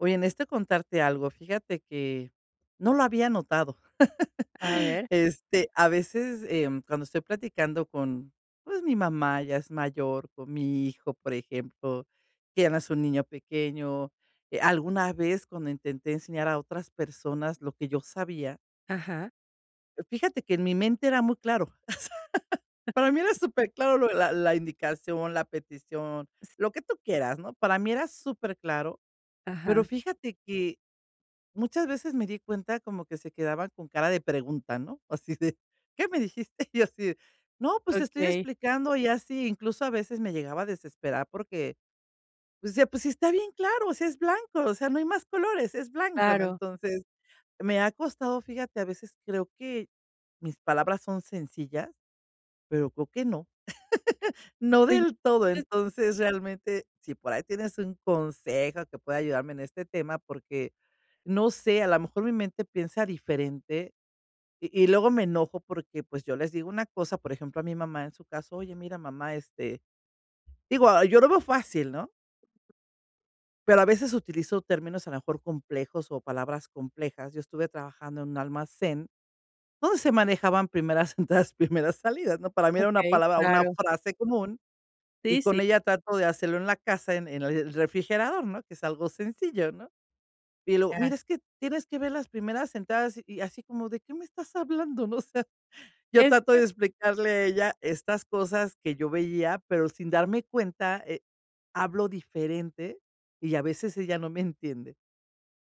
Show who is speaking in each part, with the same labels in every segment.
Speaker 1: Oye, necesito, contarte algo, fíjate que no lo había notado.
Speaker 2: A ver.
Speaker 1: Este, a veces, em, cuando estoy platicando con, pues, mi mamá ya es mayor, con mi hijo, por ejemplo, que ya no es un niño pequeño. Eh, alguna vez cuando intenté enseñar a otras personas lo que yo sabía
Speaker 2: Ajá.
Speaker 1: fíjate que en mi mente era muy claro, o sea. Para mí era superclaro lo de la la indicación, la petición,
Speaker 2: S
Speaker 1: lo que tú quieras, ¿no? Para mí era superclaro, pero
Speaker 2: Ajá.
Speaker 1: fíjate que, muchas veces, me di cuenta como que se quedaban con cara de pregunta, ¿no? Así de: "¿Qué me dijiste?" Y yo así de: "No, pues te estoy
Speaker 2: Okey.
Speaker 1: explicando". Ya sí incluso, a veces, me llegaba a desesperar porque, pues ya pues sí está bien claro, o sea, es blanco, o sea, no hay más colores, es blanco, ¿no?
Speaker 2: Claro.
Speaker 1: Entonces, me ha costado, fíjate, a veces creo que mis palabras son sencillas, pero creo que no, no del todo.
Speaker 2: [unintelligible]
Speaker 1: Entonces, realmente, si por ahí tienes un consejo que pueda ayudarme en este tema, porque no sé, a la mejor mi mente piensa diferente, y y luego me enojo porque, pues, yo les digo una cosa, por ejemplo, a mi mamá, en su caso: "Oye, mira, mamá, este" digo, ah, yo lo veo fácil, ¿no? Pero a veces utilizo términos, a lo mejor, complejos o palabras complejas. Yo estuve trabajando en un almacén donde se manejaban primeras entradas, primeras salidas, ¿no? Para mí, era una
Speaker 2: Okey,
Speaker 1: palabra una
Speaker 2: claro.
Speaker 1: frase común, y
Speaker 2: Sí,
Speaker 1: con
Speaker 2: sí.
Speaker 1: ella trato de hacerlo en la casa, en en el refrigerador, ¿no? Que es algo sencillo, ¿no? Y luego:
Speaker 2: Ya.
Speaker 1: "Mira, es que tienes que ver las primeras entradas", y así como: "¿De qué me estás hablando?". No, o sea, ya
Speaker 2: Es
Speaker 1: trato
Speaker 2: que
Speaker 1: de explicarle a ella estas cosas que yo veía, pero sin darme cuenta, eh, hablo diferente, y a veces ella no me entiende.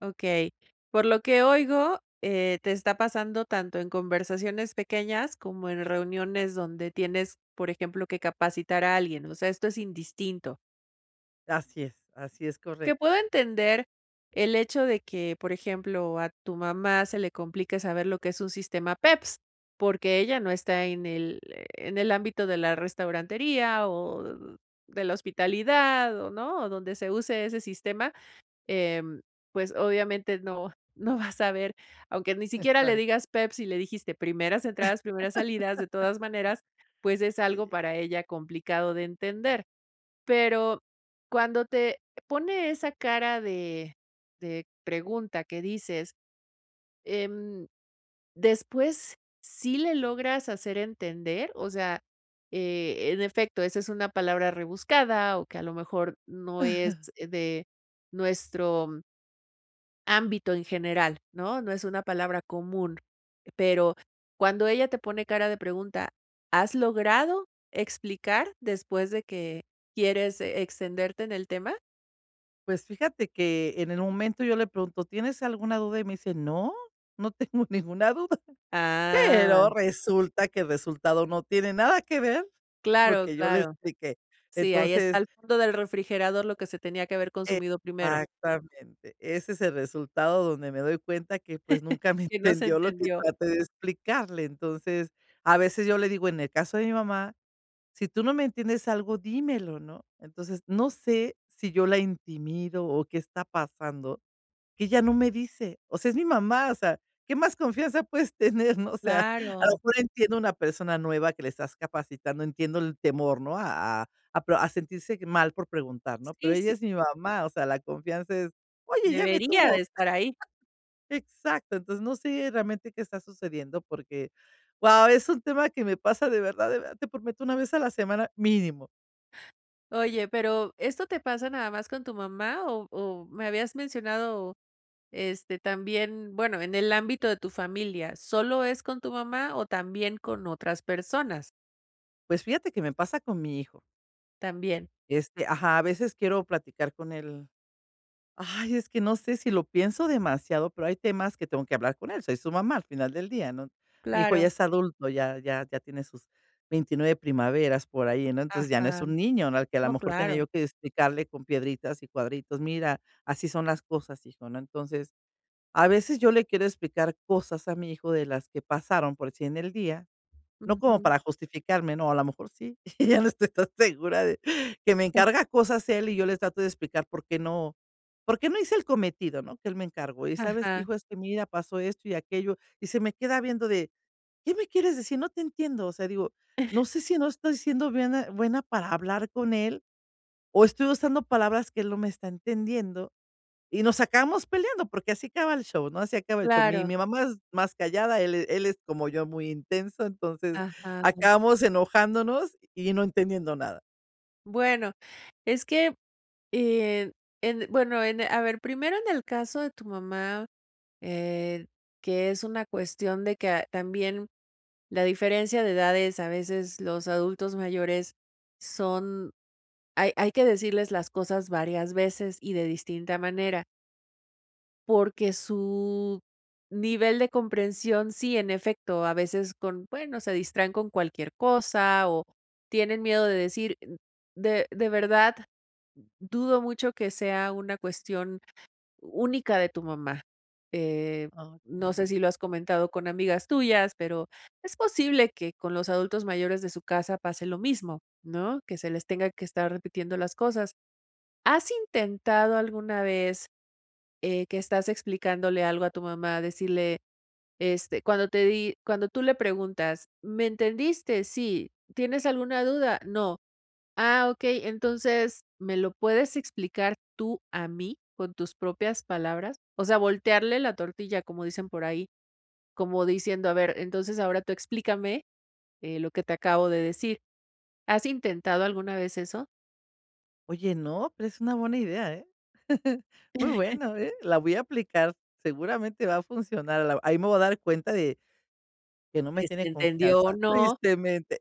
Speaker 2: Okey. Por lo que oigo, eh, te está pasando tanto en conversaciones pequeñas como en reuniones donde tienes, por ejemplo, que capacitar a alguien. O sea, esto es indistinto.
Speaker 1: Así es. Así es,
Speaker 2: Que
Speaker 1: correcto.
Speaker 2: puedo entender el hecho de que, por ejemplo, a tu mamá se le complique saber lo que es un sistema PEPS, porque ella no está en el, eh, en el ámbito de la restaurantería o de la hospitalidad o, ¿no?, o donde se use ese sistema. Em, pues obviamente, no no va a saber aunque ni siquiera le
Speaker 1: Exacto.
Speaker 2: digas PEPS y le dijiste primeras entradas, primeras salidas. De todas maneras, pues, es algo
Speaker 1: Sí.
Speaker 2: para ella, complicado de entender. Pero cuando te pone esa cara de de pregunta que dices, em, ¿después sí le logras hacer entender? O sea, eh, en efecto, esa es una palabra rebuscada o que, a lo mejor, no es de nuestro ámbito en general, ¿no? No es una palabra común. Pero cuando ella te pone cara de pregunta, ¿has logrado explicar después de que quieres extenderte en el tema?
Speaker 1: Pues fíjate que, en el momento yo le pregunto: "¿Tienes alguna duda?", y me dice: "No, no tengo ninguna duda".
Speaker 2: Ah.
Speaker 1: Pero resulta que el resultado no tiene nada que ver con lo
Speaker 2: Claro,
Speaker 1: que yo le
Speaker 2: claro.
Speaker 1: expliqué.
Speaker 2: Sí, ahí está
Speaker 1: Entonces
Speaker 2: al fondo del refrigerador lo que se tenía que haber consumido primero.
Speaker 1: Exactamente. Ese es el resultado donde me doy cuenta que, pues, nunca me
Speaker 2: Que no se
Speaker 1: entendió lo que
Speaker 2: entendió.
Speaker 1: traté de explicarle. Entonces, a veces yo le digo, en el caso de mi mamá: "Si tú no me entiendes algo, dímelo", ¿no? Entonces, no sé si yo la intimido o qué está pasando, que ella no me dice. O sea, es mi mamá. O sea, ¿qué más confianza puedes tener, ¿no? O sea, a lo
Speaker 2: Claro.
Speaker 1: mejor entiendo una persona nueva que la estás capacitando, entiendo el temor, ¿no?, a a a pro sentirse mal por preguntar, ¿no? Pero
Speaker 2: Sí,
Speaker 1: ella
Speaker 2: sí.
Speaker 1: es mi mamá. O sea, la confianza es oye, ella me
Speaker 2: Debería de
Speaker 1: tuvo,
Speaker 2: estar ahí.
Speaker 1: exacto. Entonces, no sé realmente qué está sucediendo porque, guau, es un tema que me pasa de verdad de verdad, te prometo, una vez a la semana mínimo.
Speaker 2: Oye, pero ¿esto te pasa nada más con tu mamá? O o me habías mencionado, este, también bueno, en el ámbito de tu familia. ¿Solo es con tu mamá, o también con otras personas?
Speaker 1: Pues fíjate que me pasa con mi hijo.
Speaker 2: También.
Speaker 1: Este ajá, a veces quiero platicar con él ay, es que no sé, si lo pienso demasiado, pero hay temas que tengo que hablar con él. Soy su mamá al final del día, ¿no? Mi hijo ya
Speaker 2: Claro.
Speaker 1: es adulto, ya ya ya tiene sus 29 primaveras por ahí, ¿no? Entonces, ya no
Speaker 2: Ajá.
Speaker 1: es un niño, ¿no?, al que a la
Speaker 2: No,
Speaker 1: mejor tenía
Speaker 2: claro.
Speaker 1: yo que explicarle con piedritas y cuadritos: "Mira, así son las cosas, hijo", ¿no? Entonces, a veces yo le quiero explicar cosas a mi hijo de las que pasaron, por decir, en el día, no como
Speaker 2: Ujú.
Speaker 1: para justificarme, ¿no? A la mejor sí. Ya no estoy tan segura de que me encarga cosas él, y yo le trato de explicar por qué no, por qué no hice el cometido, ¿no? que él me encargó: "Y sabes que,
Speaker 2: Ajá.
Speaker 1: hijo, es que mira pasó esto y aquello", y se me queda viendo de: "¿Qué me quieres decir? No te entiendo". O sea, digo, no sé si no estoy siendo buena- buena para hablar con él, o estoy usando palabras que él no me está entendiendo, y nos acabamos peleando porque así acaba el show, ¿no? Así acaba el show. Mi
Speaker 2: Claro.
Speaker 1: mi mamá es más callada. Él él es como yo, muy intenso. Entonces
Speaker 2: Ajá.
Speaker 1: acabamos enojándonos y no entendiendo nada.
Speaker 2: Bueno, es que en en bueno, en e a ver. Primero, en el caso de tu mamá, eh, que es una cuestión de que, también la diferencia de edades a veces los adultos mayores son hay hay que decirles las cosas varias veces y de distinta manera. Porque su nivel de comprensión sí, en efecto. A veces con bueno, se distraen con cualquier cosa, o tienen miedo de decir de de verdad, dudo mucho que sea una cuestión única de tu mamá. Eh,
Speaker 1: Oh,
Speaker 2: no sé
Speaker 1: ya.
Speaker 2: si lo has comentado con amigas tuyas, pero es posible que con los adultos mayores de su casa pase lo mismo, ¿no?, que se les tenga que estar repitiendo las cosas. ¿Has intentado alguna vez, eh, que estás explicándole algo a tu mamá, decirle, este, cuando te di? Cuando tú le preguntas: "¿Me entendiste? 'Sí'. ¿Tienes alguna duda? 'No'. Ah, okey. Entonces, ¿me lo puedes explicar tú a mí con tus propias palabras?". O sea, voltearle la tortilla, como dicen por ahí, como diciendo: "A ver, entonces, ahora tú explícame, eh, lo que te acabo de decir". ¿Has intentado alguna vez eso?
Speaker 1: Oye, no, pero es una buena idea, ¿eh? Muy buena, ¿eh? La voy a aplicar. Seguramente va a funcionar a la ahí me voy a dar cuenta de que no me
Speaker 2: De si
Speaker 1: tiene
Speaker 2: entendió o
Speaker 1: confianza,
Speaker 2: no.
Speaker 1: tristemente,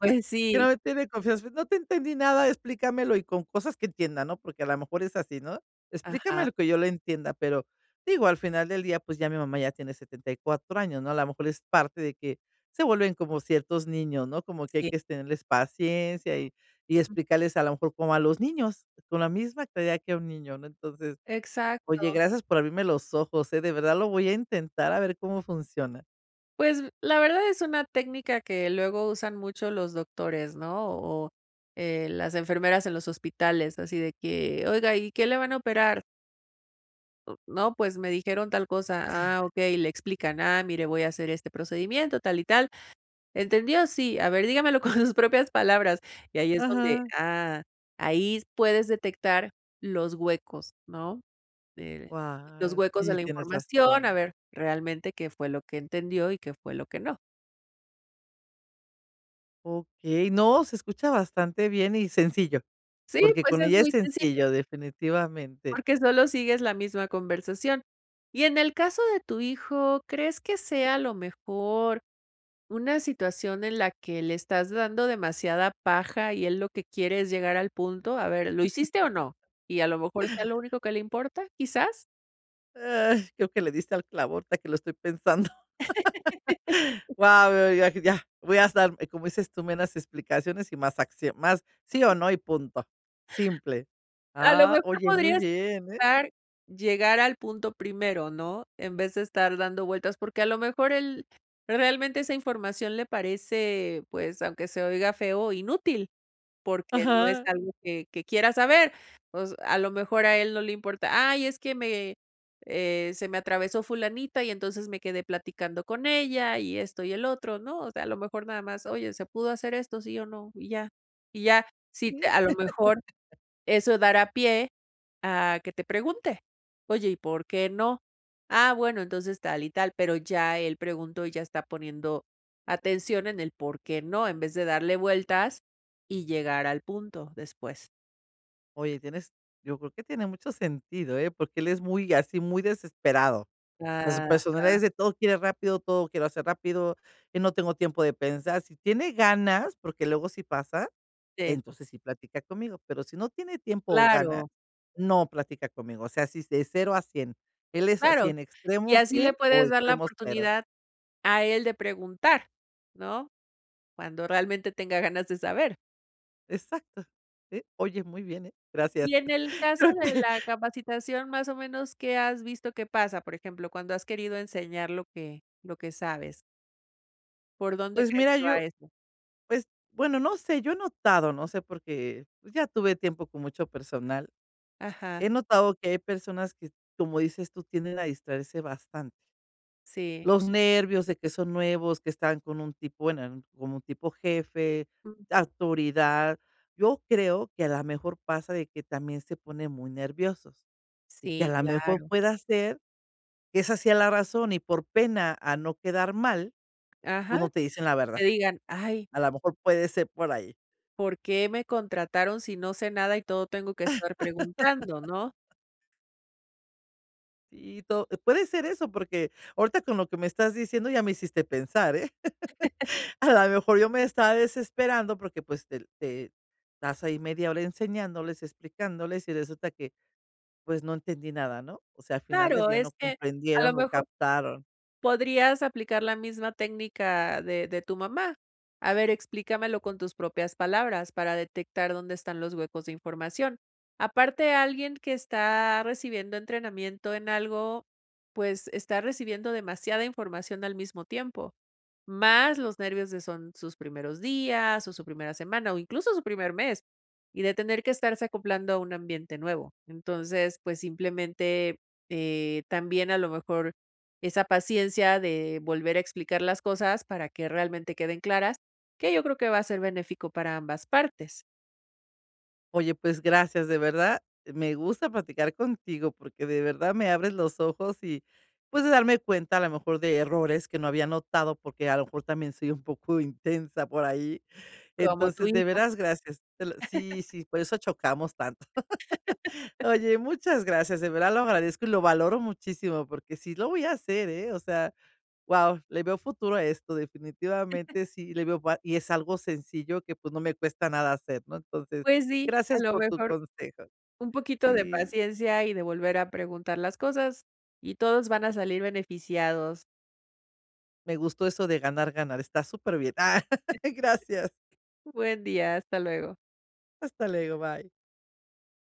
Speaker 2: Pues
Speaker 1: que
Speaker 2: sí.
Speaker 1: no me tiene confianza. No te entendí nada. Explícamelo y con cosas que entienda, ¿no? Porque a la mejor es así, ¿no?
Speaker 2: Ajá.
Speaker 1: Explícamelo que yo lo entienda. Pero, digo, al final del día, pues, ya mi mamá ya tiene 74 años, ¿no? La mejor es parte de que se vuelven como ciertos niños, ¿no? Como que hay
Speaker 2: Sí.
Speaker 1: que es tenerles paciencia y y explicarles, a la mejor como a los niños, con la misma claridad que a un niño, ¿no? Entonces, oye,
Speaker 2: Exacto.
Speaker 1: gracias por abrirme los ojos, ¿eh? De verdad lo voy a intentar a ver cómo funciona.
Speaker 2: Pues, la verdad es una técnica que luego usan mucho los doctores, ¿no? O, eh, las enfermeras en los hospitales, así de que, oiga, ¿y qué le van a operar? U no, pues me dijeron tal cosa. Ah, okey, y le explican, ah, mire, voy a hacer este procedimiento, tal y tal. ¿Entendió? Sí. A ver, dígamelo con sus propias palabras. Y ahí es donde,
Speaker 1: Ajá.
Speaker 2: ah, ahí s puedes detectar los huecos, ¿no?, de los
Speaker 1: Wa
Speaker 2: huecos de
Speaker 1: Sí,
Speaker 2: la
Speaker 1: tienes
Speaker 2: información, a
Speaker 1: razón.
Speaker 2: ver realmente qué fue lo que entendió y qué fue lo que no.
Speaker 1: Okey. No, se escucha bastante bien y sencillo.
Speaker 2: Sí,
Speaker 1: Porque
Speaker 2: pues
Speaker 1: con
Speaker 2: es
Speaker 1: ella es
Speaker 2: muy sencillo
Speaker 1: sencillo, definitivamente.
Speaker 2: porque solo sigues la misma conversación. Y, en el caso de tu hijo, ¿crees que sea, a lo mejor, una situación en la que le estás dando demasiada paja, y él lo que quiere es llegar al punto? "A ver, ¿lo hiciste o no?" y a lo mejor sea lo único que le importa, ¿quizás?
Speaker 1: Eh, creo que le diste al clavo, ahorita que lo estoy pensando. Guau, eh, ya ya, voy a estar, eh, como dices tú, menos explicaciones y más acción, más sí o no y punto. Simple.
Speaker 2: A lo
Speaker 1: Ah,
Speaker 2: mejor
Speaker 1: oye, muy
Speaker 2: podrías
Speaker 1: bien, ¿eh?
Speaker 2: [unintelligible] llegar al punto primero, ¿no? En vez de estar dando vueltas, porque a lo mejor él realmente esa información le parece, pues, aunque se oiga feo, inútil, porque no es
Speaker 1: Ajá.
Speaker 2: algo que que quiera saber. Pues, a lo mejor a él no le importa: "Ay, es que me, eh, se me atravesó fulanita y entonces me quedé platicando con ella", y esto y el otro. No, o sea, a lo mejor nada más: "Oye, ¿se pudo hacer esto, sí o no?", y ya. Y ya. Si te a lo mejor eso dará pie a que te pregunte: "Oye, ¿y por qué no?". "Ah, bueno, entonces tal y tal", pero ya él preguntó y ya está poniendo atención en el porqué no, en vez de darle vueltas y llegar al punto después.
Speaker 1: Oye, tienes yo creo que tiene mucho sentido, eh, porque él es, muy así, muy desesperado. O sea, su personalidad
Speaker 2: Ajá.
Speaker 1: es de, todo quiere rápido, todo quiero hacer rápido, y no tengo tiempo de pensar, si tiene ganas, porque luego si pasa,
Speaker 2: Sí.
Speaker 1: entonces sí platica conmigo, pero si no tiene tiempo o ganas,
Speaker 2: Claro.
Speaker 1: no platica conmigo. O sea, así es de 0 a 100 él es así
Speaker 2: Claro.
Speaker 1: en
Speaker 2: Y
Speaker 1: extremo
Speaker 2: así le
Speaker 1: 100 o
Speaker 2: puedes dar la
Speaker 1: extremo 0.
Speaker 2: oportunidad, a él de preguntar. ¿No? Cuando realmente tenga ganas de saber.
Speaker 1: Exacto. Eh, oye, muy bien, eh, gracias
Speaker 2: Y en el caso
Speaker 1: creo
Speaker 2: de
Speaker 1: que
Speaker 2: la capacitación, ¿más o menos qué has visto, qué pasa? Por ejemplo, cuando has querido enseñar lo que lo que sabes. ¿Por dónde
Speaker 1: Pues
Speaker 2: crees
Speaker 1: mira,
Speaker 2: que va
Speaker 1: yo
Speaker 2: eso?
Speaker 1: pues, bueno, no sé, yo he notado no sé, porque, pues, ya tuve tiempo con mucho personal.
Speaker 2: Ajá.
Speaker 1: He notado que hay personas que, como dices tú, tienden a distraerse bastante.
Speaker 2: Sí.
Speaker 1: Los nervios de que son nuevos, que están con un tipo bueno, como un tipo jefe,
Speaker 2: Mm.
Speaker 1: autoridad. Yo creo, que a la mejor pasa, de que también se ponen muy nerviosos, y que a
Speaker 2: Sí,
Speaker 1: la mejor
Speaker 2: claro.
Speaker 1: pueda ser, que esa sea la razón, y por pena a no quedar mal, pues
Speaker 2: Ajá.
Speaker 1: no te dicen la verdad.
Speaker 2: Que digan: "¡Ay!''
Speaker 1: A la mejor puede ser por ahí.
Speaker 2: "¿Por qué me contrataron si no sé nada, y todo tengo que estar preguntando?", ¿no?
Speaker 1: Y to puede ser eso, porque ahorita con lo que me estás diciendo ya me hiciste pensar, eh, a la mejor yo me estaba desesperando porque, pues, te te estás ahí media hora enseñándoles, explicándoles, y resulta que, pues, no entendí nada, ¿no? O sea, al final del
Speaker 2: Claro,
Speaker 1: día no
Speaker 2: es que a lo
Speaker 1: comprendieron o
Speaker 2: mejor
Speaker 1: captaron.
Speaker 2: podrías aplicar la misma técnica de de tu mamá. "A ver, explícamelo con tus propias palabras", para detectar dónde están los huecos de información. Aparte, alguien que está recibiendo entrenamiento en algo, pues, está recibiendo demasiada información al mismo tiempo, más los nervios de, son sus primeros días, o su primera semana, o incluso su primer mes, y de tener que estarse acoplando a un ambiente nuevo. Entonces, pues simplemente, eh, también a lo mejor esa paciencia de volver a explicar las cosas para que realmente queden claras, que yo creo que va a ser benéfico para ambas partes.
Speaker 1: Oye, pues gracias, de verdad, me gusta platicar contigo, porque de verdad me abres los ojos y, pues de darme cuenta a lo mejor de errores que no había notado, porque a lo mejor también soy un poco intensa por ahí.
Speaker 2: Como tu
Speaker 1: Entonces, de
Speaker 2: hijo.
Speaker 1: veras, gracias. Te lo sí, sí, por eso chocamos tanto. Oye, muchas gracias. De verdad lo agradezco y lo valoro muchísimo, porque sí lo voy a hacer, eh, o sea, guau, le veo futuro a esto. Definitivamente sí, le veo va y es algo sencillo que, pues, no me cuesta nada hacer, ¿no? Entonces,
Speaker 2: Pues sí, a
Speaker 1: gracias
Speaker 2: lo
Speaker 1: por tu
Speaker 2: mejor,
Speaker 1: consejo.
Speaker 2: un poquito de
Speaker 1: Sí.
Speaker 2: paciencia y de volver a preguntar las cosas, y todos van a salir beneficiados.
Speaker 1: Me gustó eso de ganar, ganar, está super bien. Gracias.
Speaker 2: Buen día, hasta luego.
Speaker 1: Hasta luego, bye.